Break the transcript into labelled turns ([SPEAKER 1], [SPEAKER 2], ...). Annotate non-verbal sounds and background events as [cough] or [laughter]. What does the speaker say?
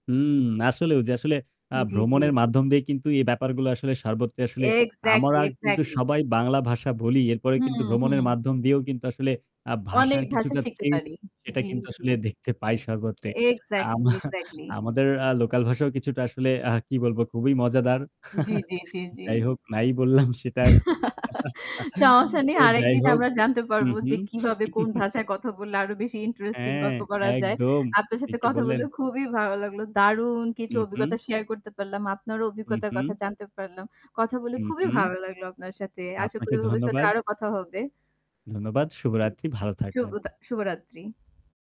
[SPEAKER 1] হুম, আসলেও ওই যে আসলে আ
[SPEAKER 2] জি, জি,
[SPEAKER 1] ভ্রমণের
[SPEAKER 2] জি।
[SPEAKER 1] মাধ্যম দিয়ে কিন্তু এই ব্যাপারগুলো আসলে সর্বত্র আসলে
[SPEAKER 2] এক্সাক্টলি,
[SPEAKER 1] আমরা কিন্তু
[SPEAKER 2] এক্সাক্টলি।
[SPEAKER 1] সবাই বাংলা ভাষা বলি। এরপরে কিন্তু
[SPEAKER 2] হুম,
[SPEAKER 1] ভ্রমণের
[SPEAKER 2] হুম।
[SPEAKER 1] মাধ্যম দিয়েও কিন্তু আসলে আ
[SPEAKER 2] অনেক
[SPEAKER 1] ভাষার
[SPEAKER 2] ভাষা
[SPEAKER 1] কিছুটা
[SPEAKER 2] শিখতে
[SPEAKER 1] চেঞ্জ
[SPEAKER 2] পারি।
[SPEAKER 1] সেটা
[SPEAKER 2] জি,
[SPEAKER 1] কিন্তু
[SPEAKER 2] জি।
[SPEAKER 1] আসলে দেখতে পাই সর্বত্র।
[SPEAKER 2] এক্সাক্টলি,
[SPEAKER 1] আমা
[SPEAKER 2] এক্সাক্টলি।
[SPEAKER 1] আমাদের আ লোকাল ভাষাও কিছুটা আসলে আ কি বলবো খুবই মজাদার
[SPEAKER 2] জি,
[SPEAKER 1] [chuckles]
[SPEAKER 2] জি, জি, জি।
[SPEAKER 1] যাই হোক নাই বললাম সেটা আরকি।
[SPEAKER 2] [chuckles] সমস্যা
[SPEAKER 1] [chuckles]
[SPEAKER 2] নেই।
[SPEAKER 1] তো যাই
[SPEAKER 2] আরেকদিন
[SPEAKER 1] হোক,
[SPEAKER 2] আমরা জানতে
[SPEAKER 1] হু,
[SPEAKER 2] পারবো
[SPEAKER 1] হু
[SPEAKER 2] যে কিভাবে কোন ভাষায় কথা
[SPEAKER 1] [chuckles]
[SPEAKER 2] বললে আরো বেশি ইন্টারেস্টিং
[SPEAKER 1] হ্যাঁ,
[SPEAKER 2] গল্প করা যায়।
[SPEAKER 1] একদম,
[SPEAKER 2] আপনার সাথে
[SPEAKER 1] ঠিকই
[SPEAKER 2] কথা
[SPEAKER 1] বললেন।
[SPEAKER 2] বললে খুবই ভালো লাগলো। দারুণ কিছু
[SPEAKER 1] হু,
[SPEAKER 2] অভিজ্ঞতা
[SPEAKER 1] হু।
[SPEAKER 2] শেয়ার করতে পারলাম। আপনারও
[SPEAKER 1] হু,
[SPEAKER 2] অভিজ্ঞতার কথা
[SPEAKER 1] হু।
[SPEAKER 2] জানতে পারলাম। কথা বলে
[SPEAKER 1] হু,
[SPEAKER 2] খুবই
[SPEAKER 1] হু।
[SPEAKER 2] ভালো লাগলো আপনার সাথে। আশা করি
[SPEAKER 1] আপনাকে
[SPEAKER 2] ভবিষ্যতে সাথে
[SPEAKER 1] ধন্যবাদ।
[SPEAKER 2] আরো কথা হবে।
[SPEAKER 1] ধন্যবাদ। শুভরাত্রি ভালো
[SPEAKER 2] শুভ
[SPEAKER 1] থাকবেন।
[SPEAKER 2] দা শুভরাত্রি।